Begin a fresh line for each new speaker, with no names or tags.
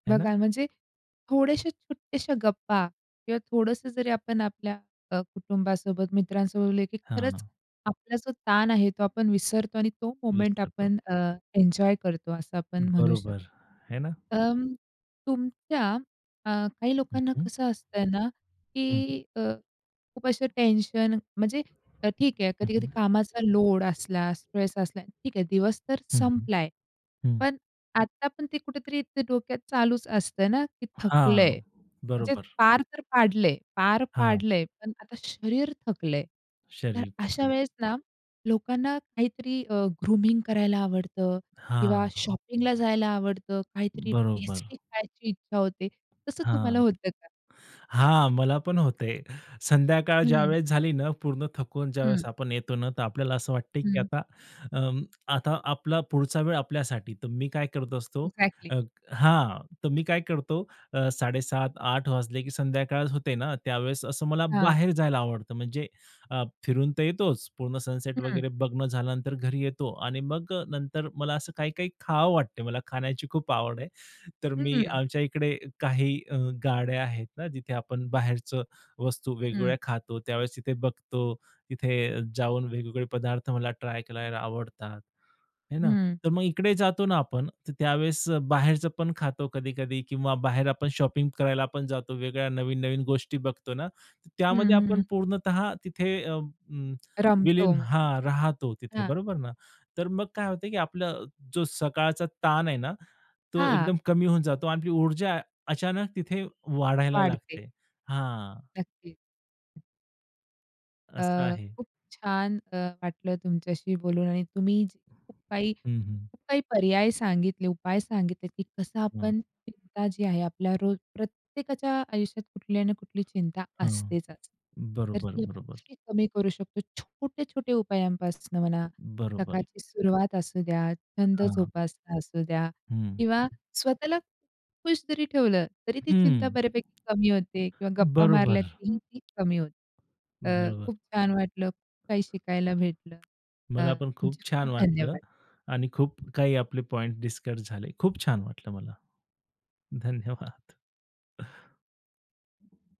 आहे ना.
बघा, म्हणजे थोडेशा छोट्याशा गप्पा किंवा थोडंसं जरी आपण आपल्या अ, कुटुंबासोबत, मित्रांसोबत बोलले की खरंच,
हां.
आपला जो ताण आहे तो आपण विसरतो आणि तो मोमेंट
विसरतो.
आपण अ, एन्जॉय करतो, असं आपण म्हणू शकतो.
बरोबर, आहे ना.
अं, तुमच्या अ, काही
हं,
लोकांना
हं.
कसं असतंय ना,
हं, हं.
की अ, खूप अशा टेन्शन म्हणजे अ, ठीक आहे
हं,
कधी-कधी
हं.
कामाचा लोड असला, स्ट्रेस असला ठीक आहे, दिवस तर
हं, हं,
संपलाय.
हं.
पण आत्ता पण ते कुठेतरी ते डोक्यात चालूच असतंय ना, की थकलंय.
हां,
म्हणजे
बरोबर.
पार तर पाडलंय, पार
हां.
पाडलंय, पण आता शरीर थकलंय, तर
शरीर
अशा
थकले.
वेळेस ना, लोकांना काहीतरी अ, ग्रूमिंग करायला आवडतं किंवा
हां.
शॉपिंगला जायला आवडतं, काहीतरी
बरोबर.
टेस्टी खायची इच्छा होते. तसं तुम्हाला
हां,
होतं का?
हां, मला पण होते. संध्याकाळ
हं.
ज्यावेळेस झाली ना, पूर्ण थकून
हं.
ज्यावेळेस आपण येतो ना, तर आपल्याला असं वाटतंय की
हं
आता, अं, आता आपला पुढचा वेळ आपल्यासाठी. तर मी काय करत असतो?
अ‍ॅक्झॅक्टली.
अ हां, तर मी काय करतो? अ, 7:30-8:00 वाजले की संध्याकाळ होते ना, त्यावेळेस असं मला
हां.
बाहेर जायला आवडतं. म्हणजे अ, फिरून तर येतोच, पूर्ण सनसेट
हं.
वगैरे बघणं झाल्यानंतर घरी येतो आणि मग अ, नंतर मला असं काही-काही खावं वाटते. मला खाण्याची खूप आवड आहे. तर मी
हं.
आमच्या इकडे काही अ, गाड्या आहेत ना, जिथे आपण बाहेरच वस्तू
हं.
वेगवेगळ्या खातो. त्यावेळेस तिथे बघतो, तिथे जाऊन वेगवेगळे पदार्थ मला ट्राय करायला आवडतात. आहे ना,
हं.
तर मग इकडे जातो ना आपण, तर त्यावेळेस बाहेरचं पण खातो कधी-कधी किंवा बाहेर आपण शॉपिंग करायला पण जातो. वेगळ्या नवीन-नवीन गोष्टी बघतो ना,
हं,
त्यामध्ये
हं.
आपण पूर्णतः तिथे अं, अ,
रमतो,
विलीन हां, राहतो तिथे
हां.
बरोबर ना, तर मग काय होतं, की आपलं अ, जो सकाळचा ताण आहे ना, तो
हां.
एकदम कमी होऊन जातो आणि आपली ऊर्जा अचानक तिथे वाढायला
वाढते.
लागते. हां.
नक्कीच.
असं
अ,
आहे.
खूप छान अ, वाटलं तुमच्याशी बोलून आणि तुम्ही खूप काही
हं, हं.
खूप काही पर्याय सांगितले, उपाय सांगितले, की कसं
हां.
आपण चिंता जी आहे, आपल्या रोज प्रत्येकाच्या आयुष्यात कुठली ना कुठली चिंता
हं,
असतेतच, तर
बरोबर,
ती
बरोबर.
कशी कमी करू शकतो. छोटे-छोटे उपायांपासून म्हणा,
बरोबर.
सकाळची सुरुवात असू द्या, छंद
हां.
जोपासना असू द्या किंवा
हं.
स्वतःला खुश जरी ठेवलं, तरी ती चिंता
हं.
बऱ्यापैकी कमी होते किंवा गप्पा
बरोबर.
मारल्या तरीही ती कमी होते. अ,
बरोबर.
खूप छान वाटलं, खूप काही शिकायला भेटलं. अ,
मला पण खूप
तुमचे
छान
खूप
वाटलं
धन्यवाद.
आणि खूप काही आपले पॉइंट डिस्कस झाले. खूप छान वाटलं मला. धन्यवाद. हं.